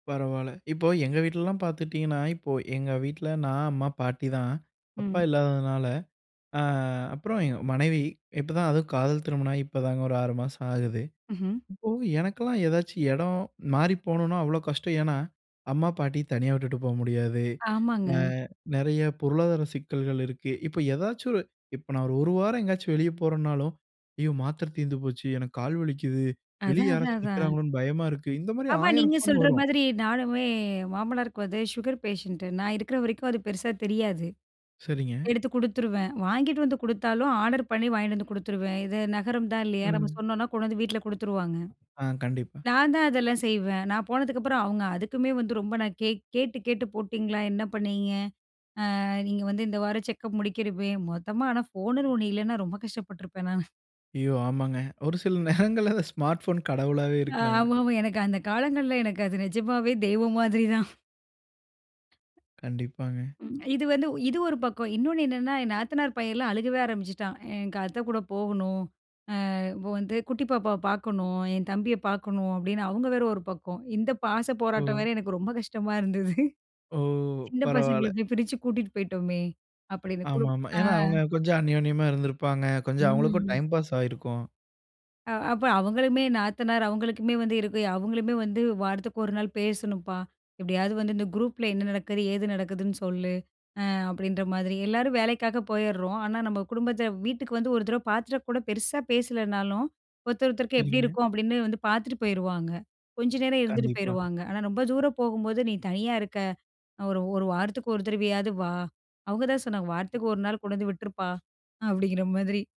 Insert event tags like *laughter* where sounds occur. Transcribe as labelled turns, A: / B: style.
A: பரவால்ல. இப்போ எங்க வீட்லலாம் பாத்துட்டீங்கன்னா, இப்போ எங்க வீட்ல நான், அம்மா, பாட்டிதான். அப்பா
B: ம்.
A: இல்லாததுனால ஆ அப்புறம் எங்க மனைவி. இப்போதான், அதுவும் காதல் திருமணம் ஆகி இப்போதாங்க ஒரு 6 மாசோ ஆகுது.
B: ம்ஹ்ம்.
A: இப்போ எனக்கெல்லாம் ஏதாச்சும் எடம் மாறி போணும்னா, அவ்ளோ கஷ்டம். ஏன்னா, அம்மா பாட்டி தனியா விட்டுட்டு போ முடியாது. ஆ
B: ஆமாங்க.
A: நெறைய பொருளாதார சிக்கல்கள் இருக்கு. இப்போ ஏதாச்சும் ஒரு இப்போ நான் ஒரு 1 வாரம் எங்கேயாச்சும் வெளியே போறேனாலும், "ஐயோ மாத்திரை தீர்ந்து போச்சு, எனக்கு கால் வலிக்குது, வெளிய
B: அதான், அதான்,
A: யாராச்சும்
B: அதான்.
A: நிக்கிறாங்களோன்னு பயமா இருக்கு." இந்த மாதிரி
B: ஆமா,
A: 1,000
B: நீங்க
A: ஃபோன்
B: சொல்ற
A: வரும்.
B: மாதிரி நானுமே. மாமனாருக்கு வந்து சுகர் பேஷண்ட்டு. நான் இருக்கிற வரைக்கும் அது பெருசா தெரியாது.
A: சரிங்க.
B: எடுத்து குடுத்துருவேன். வாங்கிட்டு வந்து குடுத்தாலும் ஆர்டர் பண்ணி வாங்கிட்டு வந்து குடுத்துருவேன். இது நகரம் தான் இல்லையா, நம்ம
A: ம்.
B: சொன்னோன்னா கொண்டு வந்து வீட்ல குடுத்துருவாங்க.
A: ஆ. கண்டிப்பா.
B: நான் தான் அதெல்லாம் செய்வேன். நான் போனதுக்கப்புறம் அவங்க. அதுக்குமே வந்து ரொம்ப நான் கே கேட்டு கேட்டு, போட்டீங்களா? என்ன பண்ணீங்க? ஆ நீங்க வந்து இந்த வாரம் செக்கப் முடிக்கிறமே. மொத்தமா ஆனா ஃபோன்னுன்னு ஒன்னு இல்லைன்னா, ரொம்ப கஷ்டப்பட்டுருப்பேன் நானு.
A: ஐயோ! ஆமாங்க. ஒரு சில நேரங்கள்ல அந்த ஸ்மார்ட் போன் கடவுளாவே இருக்கு நமக்கு.
B: ஆமாமா. எனக்கு அந்த காலங்கள்ல எனக்கு அது நிஜமாவே தெய்வம் மாதிரி தான்.
A: கண்டிப்பாங்க.
B: ம். இது வந்து இது ஒரு பக்கம். இன்னொன்னு என்னென்னா, என் நாத்தனார் பையன்ல்லாம் அழுகவே ஆரம்பிச்சுட்டான். "எனக்கு அத்தை கூட போகணும். ஆ, இப்போ வந்து குட்டி பாப்பாவ பாக்கணும், என் தம்பிய பாக்கணும்." அப்படின்னு அவங்க வேற ஒரு பக்கம். இந்த பாச போராட்டம்
A: ஓ!
B: வேற எனக்கு ரொம்ப கஷ்டமா இருந்தது.
A: ஓ!
B: *chuckles* சின்ன பசங்கள
A: பரவால.
B: போய் பிரிச்சு கூட்டிட்டு போயிட்டோமே, அப்படின்னு. குடு
A: ஆமாமா.
B: ஆ.
A: ஏன்னா, அவுங்க கொஞ்சம் அநியோன்யமா இருந்திருப்பாங்க. கொஞ்சம் அவுங்களுக்கும்
B: ம்.
A: டைம் பாஸ் ஆயிருக்கும்.
B: ஆ, அப்ப அவங்களுமே நாத்தனார் அவங்களுக்குமே வந்து இருக்கு. அவங்களுமே வந்து "வாரத்துக்கு 1 நாள் பேசணும்ப்பா, எப்படியாவது வந்து இந்த குரூப்பில என்ன நடக்குது ஏது நடக்குதுன்னு சொல்லு." ஆ அப்படின்ற மாதிரி. எல்லாரும் வேலைக்காக போயிர்றோம். ஆனா நம்ம குடும்பத்த வீட்டுக்கு வந்து ஒரு தடவை பாத்துட்டா கூட பெருசாபேசலேனாலும், ஒருத்தர் ஒருத்தருக்கு எப்படி
A: சரிங்க.
B: இருக்கோம் அப்படின்னு வந்து பார்த்துட்டு போயிருவாங்க. கொஞ்ச நேரம் இருந்துட்டு
A: கண்டிப்பா.
B: போயிருவாங்க. ஆனா ரொம்ப தூரம் போகும்போது, நீ தனியா இருக்க. அ ஒரு 1 வாரத்துக்கு 1 தடவையாவது வா. அவங்க தான் சொன்னாங்க, வாரத்துக்கு 1 நாள் கொண்டு வந்து விட்டுருப்பா. அப்படிங்கிற மாதிரி.